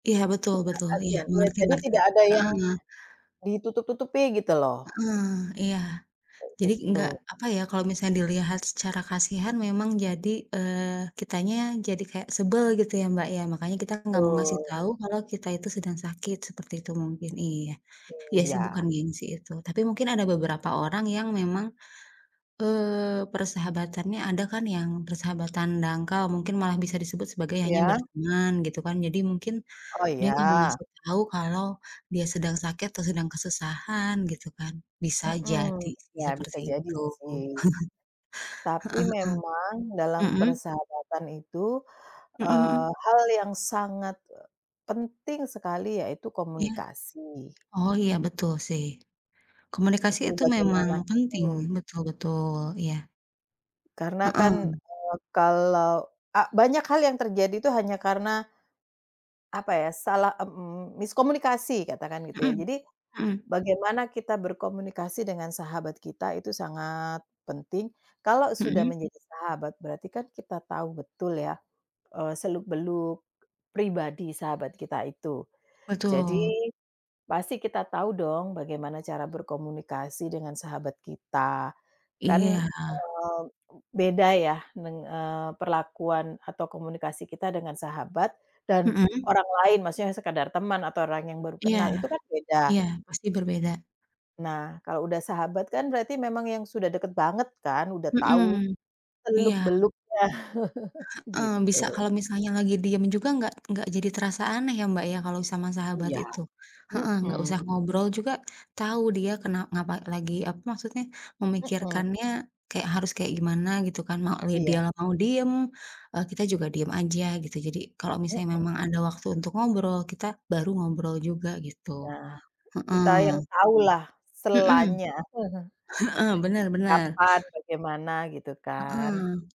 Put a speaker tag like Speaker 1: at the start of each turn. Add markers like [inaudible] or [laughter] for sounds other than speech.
Speaker 1: Iya, betul
Speaker 2: Tidak
Speaker 1: betul. Iya,
Speaker 2: kasihan. Ya,
Speaker 1: mengerti
Speaker 2: jadi,
Speaker 1: mengerti,
Speaker 2: tidak ada yang
Speaker 1: heeh.
Speaker 2: ditutup-tutupi, gitu loh.
Speaker 1: Heeh, iya.
Speaker 2: Kayak
Speaker 1: Jadi,
Speaker 2: gitu.
Speaker 1: enggak, apa ya, kalau misalnya dilihat secara kasihan memang jadi, eee, kitanya jadi kayak sebel, gitu ya, Mbak, ya, makanya kita enggak mau ngasih
Speaker 2: Betul.
Speaker 1: tahu kalau kita itu sedang sakit, seperti itu mungkin, iya. Iya, sih, bukan
Speaker 2: Iya.
Speaker 1: gengsi itu. Tapi mungkin ada beberapa orang yang memang, eee, persahabatannya ada kan yang persahabatan dangkal, mungkin malah bisa disebut sebagai hanya
Speaker 2: Iya?
Speaker 1: berteman, gitu kan. Jadi, mungkin
Speaker 2: Oh,
Speaker 1: dia nggak mau
Speaker 2: iya.
Speaker 1: ngasih tahu kalau dia sedang sakit atau sedang kesusahan, gitu, kan. Bisa
Speaker 2: Mhm.
Speaker 1: jadi
Speaker 2: Ya, bisa
Speaker 1: seperti
Speaker 2: jadi,
Speaker 1: itu.
Speaker 2: sih.
Speaker 1: [chuckles]
Speaker 2: Tapi,
Speaker 1: Heeh
Speaker 2: memang dalam
Speaker 1: heeh. Mhm?
Speaker 2: persahabatan itu,
Speaker 1: Mhm
Speaker 2: eee,
Speaker 1: mhm.
Speaker 2: hal yang sangat, eee, penting sekali yaitu
Speaker 1: Iya?
Speaker 2: komunikasi.
Speaker 1: Oh, iya, betul, sih. Komunikasi
Speaker 2: Itu
Speaker 1: itu memang
Speaker 2: bagaimana
Speaker 1: penting,
Speaker 2: betul.
Speaker 1: betul betul, iya.
Speaker 2: Karena kan,
Speaker 1: Heeh.
Speaker 2: eee, kalau a banyak hal yang terjadi tuh hanya karena, apa ya, salah mmm, miskomunikasi, katakan gitu, ya.
Speaker 1: Mhm,
Speaker 2: Jadi,
Speaker 1: mhm.
Speaker 2: bagaimana kita berkomunikasi dengan sahabat kita itu sangat penting. Kalau sudah
Speaker 1: Mhm?
Speaker 2: menjadi sahabat, berarti kan kita tahu betul ya, eee, seluk-beluk pribadi sahabat kita itu. Jadi,
Speaker 1: Betul.
Speaker 2: pasti kita tahu dong bagaimana cara berkomunikasi dengan sahabat kita.
Speaker 1: Iya.
Speaker 2: Kan, eee, beda ya, neng eee, perlakuan atau komunikasi kita dengan sahabat, dan
Speaker 1: Mhm.
Speaker 2: orang lain, maksudnya yang sekedar teman, atau orang yang baru
Speaker 1: Iya,
Speaker 2: kenal, itu kan beda.
Speaker 1: iya, pasti berbeda.
Speaker 2: Nah, kalau udah sahabat kan berarti memang yang sudah dekat banget kan, udah tahu
Speaker 1: Mhm, iya.
Speaker 2: seluk-beluknya, [chuckles]
Speaker 1: Heeh, bisa
Speaker 2: gitu.
Speaker 1: kalau misalnya lagi diem juga enggak enggak jadi terasa aneh, ya, Mbak, ya, kalau sama sahabat
Speaker 2: Iya,
Speaker 1: itu. Heeh, enggak
Speaker 2: mhm.
Speaker 1: usah ngobrol juga tahu, dia kena ngapa lagi apa, maksudnya,
Speaker 2: Mhm.
Speaker 1: memikirkannya kayak harus kayak gimana gitu kan, mau li dia
Speaker 2: Iya.
Speaker 1: mau diem, eee, kita juga diem aja, gitu. Jadi, kalau misalnya
Speaker 2: Mhm.
Speaker 1: memang ada waktu untuk ngobrol, kita baru ngobrol juga, gitu.
Speaker 2: Ya, kita yang
Speaker 1: Heeh.
Speaker 2: tau lah
Speaker 1: Mhm.
Speaker 2: selanya. [chuckles]
Speaker 1: Heeh, bener bener.
Speaker 2: Kapan, bagaimana, gitu, kan.
Speaker 1: Heeh.